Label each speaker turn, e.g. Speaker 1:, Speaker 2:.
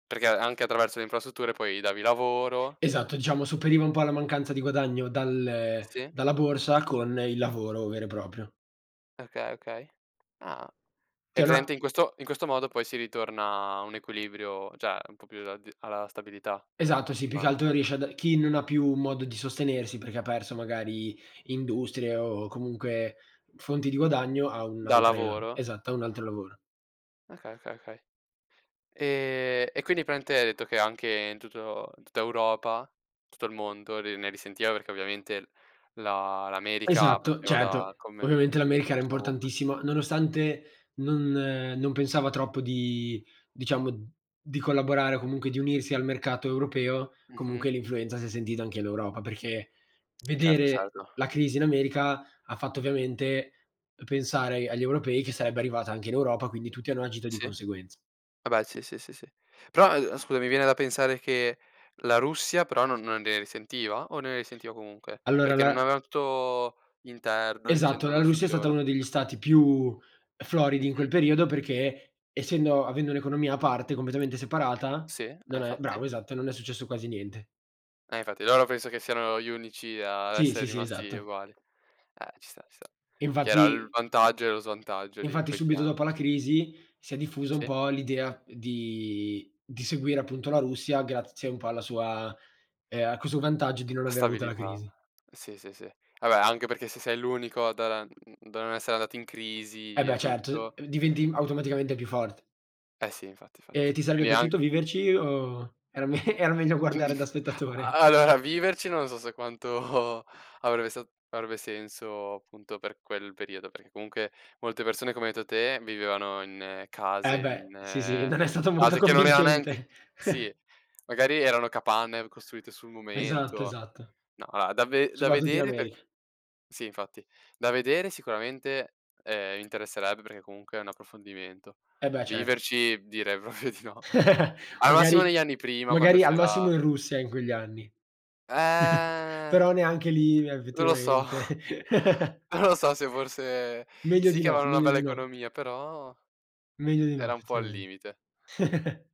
Speaker 1: Perché anche attraverso le infrastrutture poi davi lavoro
Speaker 2: Esatto, diciamo sopperiva un po' alla mancanza di guadagno, dal
Speaker 1: Sì.
Speaker 2: dalla borsa con il lavoro vero e proprio.
Speaker 1: Okay, okay, ah.
Speaker 2: Ti
Speaker 1: Hai
Speaker 2: hanno
Speaker 1: presente
Speaker 2: a
Speaker 1: in questo in questo modo poi si ritorna a un equilibrio cioè un po' più alla d alla stabilità
Speaker 2: Esatto, sì, più che altro
Speaker 1: economica.
Speaker 2: riesci a da chi non ha più modo di sostenersi perché ha perso magari industrie, o comunque fonti di guadagno, ha
Speaker 1: Da
Speaker 2: un'altra
Speaker 1: lavoro.
Speaker 2: esatto, ha un altro lavoro.
Speaker 1: Okay, okay, okay. Ehm, e quindi praticamente hai detto che anche in tutto in tutta Europa, tutto il mondo ne ne risentiva perché ovviamente la l'America
Speaker 2: Esatto,
Speaker 1: faceva
Speaker 2: certo.
Speaker 1: da commer
Speaker 2: Ovviamente l'America era
Speaker 1: commerciava ovunque.
Speaker 2: importantissima, nonostante non non pensava troppo di diciamo, di collaborare o comunque di unirsi al mercato europeo, comunque
Speaker 1: Mh-mh.
Speaker 2: l'influenza si è sentita anche all'Europa, perché
Speaker 1: Certo,
Speaker 2: vedere
Speaker 1: certo.
Speaker 2: la crisi in America, ha fatto ovviamente pensare agl agli europei che sarebbe arrivata anche in Europa, quindi tutti hanno agito di
Speaker 1: Sì.
Speaker 2: conseguenz
Speaker 1: Vabbè sì, sì, sì, sì. Però, eh, scusa mi viene da pensare che la Russia però non non ne risentiva? O ne risentiva comunque,
Speaker 2: Allora
Speaker 1: perché non
Speaker 2: la
Speaker 1: aveva tutto interno
Speaker 2: Esatto, la
Speaker 1: incentrato su
Speaker 2: Russia
Speaker 1: di
Speaker 2: è stata
Speaker 1: loro.
Speaker 2: uno degli stati più floridi in quel
Speaker 1: Mh-mh.
Speaker 2: periodo perché essendo avendo un'economia a parte completamente separata,
Speaker 1: Sì, eh,
Speaker 2: non è bravo,
Speaker 1: infatti.
Speaker 2: esatto, non è successo quasi niente.
Speaker 1: E infatti loro penso che siano gli unici ad
Speaker 2: Sì, sì,
Speaker 1: essere
Speaker 2: sì,
Speaker 1: rimasti
Speaker 2: esatto.
Speaker 1: uguali. Eh ci sta ci sta. Che era l
Speaker 2: Infatti
Speaker 1: vantaggio e lo svantaggio di
Speaker 2: infatti
Speaker 1: quei
Speaker 2: subito dopo
Speaker 1: piani.
Speaker 2: la crisi si è diffusa un
Speaker 1: Sì.
Speaker 2: po' l'idea di di seguire appunto la Russia, grazie un po' alla sua ehm, a questo vantaggio di non aver avuto la
Speaker 1: Stabilità.
Speaker 2: crisi.
Speaker 1: Sì, sì, sì. Vabbè anche perché se sei l'unico da da n da non essere andato in
Speaker 2: Eh
Speaker 1: crisi e
Speaker 2: beh certo,
Speaker 1: tutto.
Speaker 2: d diventi automaticamente più forte.
Speaker 1: Eh sì infatti,
Speaker 2: E
Speaker 1: fatti.
Speaker 2: ti sarebbe
Speaker 1: Quindi an
Speaker 2: piaciuto viverci o era me era meglio guardare da
Speaker 1: A
Speaker 2: spettatore?
Speaker 1: allora viverci non so se quanto avrebbe sa avrebbe senso appunto per quel periodo, perché comunque molte persone come hai detto te vivevano in case
Speaker 2: Eh beh, sì sì,
Speaker 1: in
Speaker 2: non è stato molto
Speaker 1: case che non erano neanche
Speaker 2: convincente.
Speaker 1: sì, magari erano capanne costruite sul
Speaker 2: Esatto,
Speaker 1: momento.
Speaker 2: esatto.
Speaker 1: No, allora da ve da
Speaker 2: Soprattutto in
Speaker 1: vedere per
Speaker 2: America
Speaker 1: sì, infatti da vedere sicuramente, ehm, mi interesserebbe perché comunque è un approfondimento.
Speaker 2: Eh beh cer
Speaker 1: Viverci direi proprio di no. Al massimo
Speaker 2: Magari
Speaker 1: negli anni prima quando
Speaker 2: magari al
Speaker 1: c'era
Speaker 2: massimo in Russia, in quegli anni.
Speaker 1: Eh.
Speaker 2: Però neanche lì
Speaker 1: Non lo so,
Speaker 2: effettivamente.
Speaker 1: non lo so se forse
Speaker 2: Meglio
Speaker 1: sì
Speaker 2: di
Speaker 1: che
Speaker 2: no,
Speaker 1: avevano una
Speaker 2: meglio
Speaker 1: bella
Speaker 2: di no.
Speaker 1: economia, però
Speaker 2: Meglio di no
Speaker 1: era un po' al
Speaker 2: effettivamente.
Speaker 1: limite.